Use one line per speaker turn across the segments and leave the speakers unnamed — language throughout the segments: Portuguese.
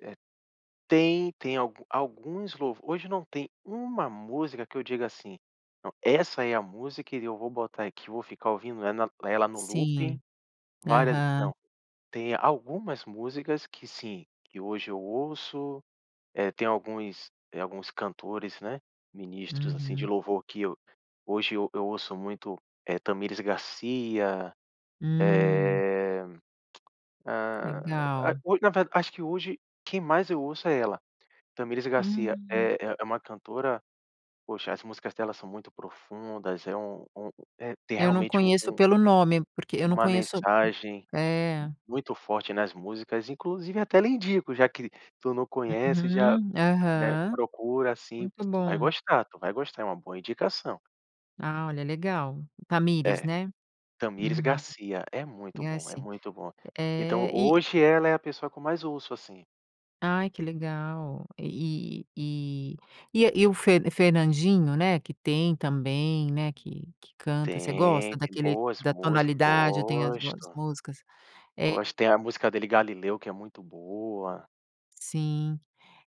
É, tem tem algu alguns louvores hoje não tem uma música que eu digo assim: "Não, essa é a música e eu vou botar aqui, vou ficar ouvindo ela ela no looping,
Sim.
várias ve".
Aham.
Não, tem algumas músicas que sim, que hoje eu ouço, eh, tem alguns alguns cantores, né, ministros assim, de
Uhum.
louvor que eu hoje eu eu ouço muito, é Thamires Garcia,
Hum!
eh, ah, a
Legal.
hoi na verda acho que hoje quem mais eu ouço é ela, Thamires Garcia,
Hum.
é é uma cantora Poxa as músicas dela são muito profundas, é um um tem
Eu não
realmente, um
conheço pelo nome. Porque eu não
uma
conheço
mensagem
É.
muito forte nas músicas, inclusive até lhe indico, já que tu não conhece, já,
Uhum.
né,
Aham.
procura, assim
Muito
tu vai
bom.
gostar, tu vai gostar. É uma boa indicação.
Ah, olha legal. Thamires,
É.
né?
Thamires
Uhum.
Garcia. É muito
E
bom. É
assim.
muito bom. Então,
É, e
hoje ela é a pessoa com mais ouço, assim.
Ai, que legal. E e e é o Fer Fernandinho, né? Que tem também, né, que que canta você gosta
Tem! Tem
daquele
boas
da
músicas.
tonalidade? Tem as boas
Gosto.
músicas.
Gosto,
E
tem a música dele, Galileu que é muito boa.
Sim,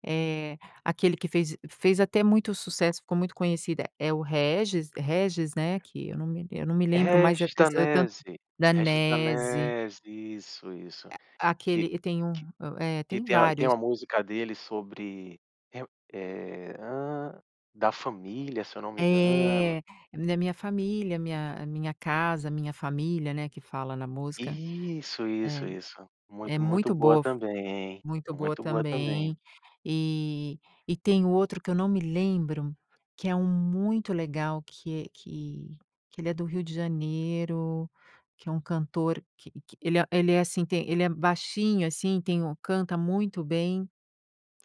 eh, aquele que fez fez até muito sucesso, ficou muito conhecida é o Régis Régis, né? Que eu não me lem eu não me lembro mais é
Régis
desse Eutan
Danese, Régis
Danese!
Danese! Isso, isso.
Aquele
Que
e tem um
que
o, eh,
que
tem
tem a tem
vários.
uma música dele sobre é o eh, hã, da família se eu não me engano.
É, na minha família, minha minha casa, minha família, né, que fala na música.
Isso! Isso,
É.
isso.
É
Muito, muito
muito
boa
boa,
também, é
muito boa
muito boa também.
também, eh, e tem o outro que eu não me lembro que é um muito legal que é que que ele é do Rio de Janeiro, que é um cantor que que ele ele é assim, tem ele é baixinho assim, tem o canta muito bem,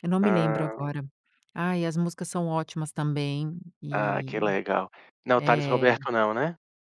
eu não me lembro
Ah.
agora. Ai, as músicas são ótimas também.
Ah! Que
E,
legal. Não é o Thalles
eh
Roberto não, né?